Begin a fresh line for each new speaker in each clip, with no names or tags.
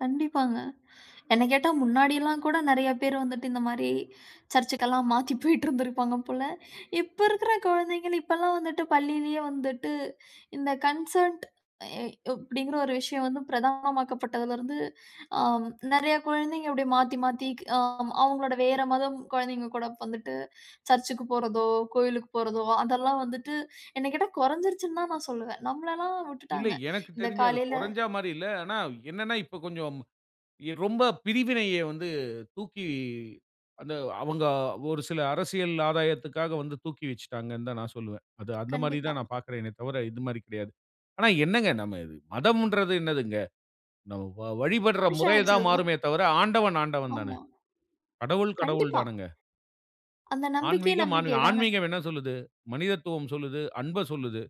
கண்டிப்பாங்க, என்ன கேட்டா, முன்னாடிலாம் கூட நெறையா பேர் வந்துட்டு, இந்த மாரி, சர்ச்சுக்கெல்லாம் மாத்தி போயிட்டிருந்துருப்பாங்க போல. இப்ப இருக்கிற குழந்தைங்கள், இப்பலாம் வந்துட்டு, பள்ளியிலயே வந்துட்டு, இந்த கன்சர்ன்ட் அய் யய் அப்டிங்கிற ஒரு விஷயம் வந்து பிரதானமாக்கப்பட்டதலருந்து, அ நெறைய குழந்தைங்க அப்டியே மாத்தி மாத்திக் ஆ, ஆமா. அவுங்களோட வேற மதம் குழந்தைங்க கூட வந்துட்டு, சர்ச்சுக்கு போறதோ, கோயிலுக்கு போறதோ, அதெல்லாம் வந்துட்டு, என்ன கேட்டா கொறஞ்சிருச்சுன்னு தான் நான் சொல்லுவேன். நம்மளலாம்
இல்ல,
விட்டுட்டாங்க.
எனக்கு
இந்த
தெரிஞ்சு, அது
காலையில
கொறஞ்சா மாரி இல்ல. ஆனா, என்னான்னா, இப்போ கொஞ்சம் எ ரொம்ப பிரிவினைய வந்து தூக்கி அந்த அவுங்க ஒரு சில அரசியல் ஆதாயத்துக்காக வந்து தூக்கி வெச்சுட்டாங்கன்னு தான், நான் சொல்லுவேன். அது அந்த மாரி
கண்டிப்பா.
தான், நான் பாக்கிறேனே தவிர இது மாரி கிடையாது. ஆனா என்னங்க? நம்ம இது மதம்ன்றது என்னாதுங்க? நம்ம வ வழிபட்ற
மனுஷன்
முறை
வச்சது
தான்
தான்.
மாறுமே தவிர, ஆண்டவன், ஆண்டவன் தானே.
ஆமா.
கடவுள், கடவுள்
கண்டிப்பா.
தானுங்க.
அந்த நம்பிக்கையே,
ஆன்மீகம், ஆனு
நம்பிக்கை தானே.
ஆன்மீகம் என்ன சொல்லுது? மனிதத்துவம் சொல்லுது! அன்ப சொல்லுது!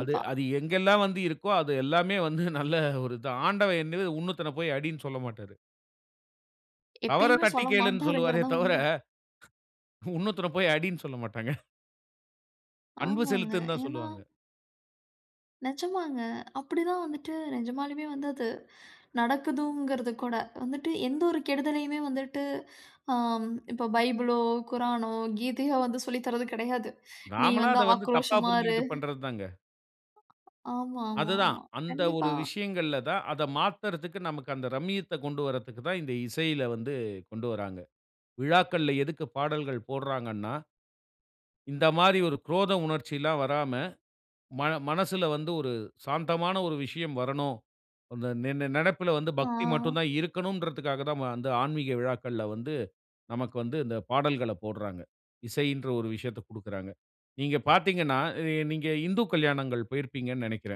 அது அது எங்கெல்லாம் வந்து இருக்கோ, அது எல்லாமே வந்து நல்ல ஒரு இது தான். ஆண்டவன் என்னது? உன்னொருத்தன போய் அடின்னு சொல்லமாட்டாரு. தவற
எப்பயுமே
தட்டி
சொல்ல
கேளுன்னு சொல்லுவாரே
மாட்டாருங்கறதுதான்
தவிர,
உண்ம.
உன்னொருத்தன போய் அடின்னு சொல்ல மாட்டாங்க. அன்பு
ஆமாங்க.
செலுத்துன்னு தான்
ஏன்னா
சொல்லுவாங்க.
நெஜமாங்க. அப்படிதான் வந்துட்டு நிஜமாலுமே வந்து அது, நடக்குதுங்கிறது கூட, வந்துட்டு எந்த ஒரு கெடுதலையுமே வந்துட்டு, அம் இப்போ பைபிளோ, குரானோ, கீதையோ வந்து சொல்லி தரது கிடையாது. "நீ
நாமளா
வந்து
அதை வந்து தப்பா
ஆக்ரோஷமா இரு"
புரிஞ்சுகிட்டு பண்றதுதாங்க.
ஆமா, ஆமா
அதுதான்.
ஆமா.
அந்த
கண்டிப்பா.
ஒரு விஷயங்கள்ல தான், அத மாத்தறதுக்கு, நமக்கு அந்த ரம்யத்த கொண்டு வரத்துக்குத் தான், இந்த இசையில வந்து கொண்டு வராங்க. விழாக்கள்ல எதுக்கு பாடல்கள் போடுறாங்கன்னா இந்த மாரி, ஒரு குரோத உணர்ச்சிலாம் வராம, மன மனசுல வந்து ஒரு சாந்தமான ஒரு விஷயம் வரணும். அந்த நி நி நினைப்பில வந்து பக்தி மட்டும்
ஆ.
தான் இருக்கணும்ன்றதுக்காக தான், ம அந்த ஆன்மீக விழாக்கள்ல வந்து, நமக்கு வந்து, இந்த பாடல்களப் போட்றாங்க. இசைன்ற ஒரு விஷயத்தக் குடுக்குறாங்க. நீங்க பாத்தீங்கன்னா அ நீங்க இந்து கல்யாணங்கள் போயிருப்பீங்கன்னு நெனைக்கிறேன்.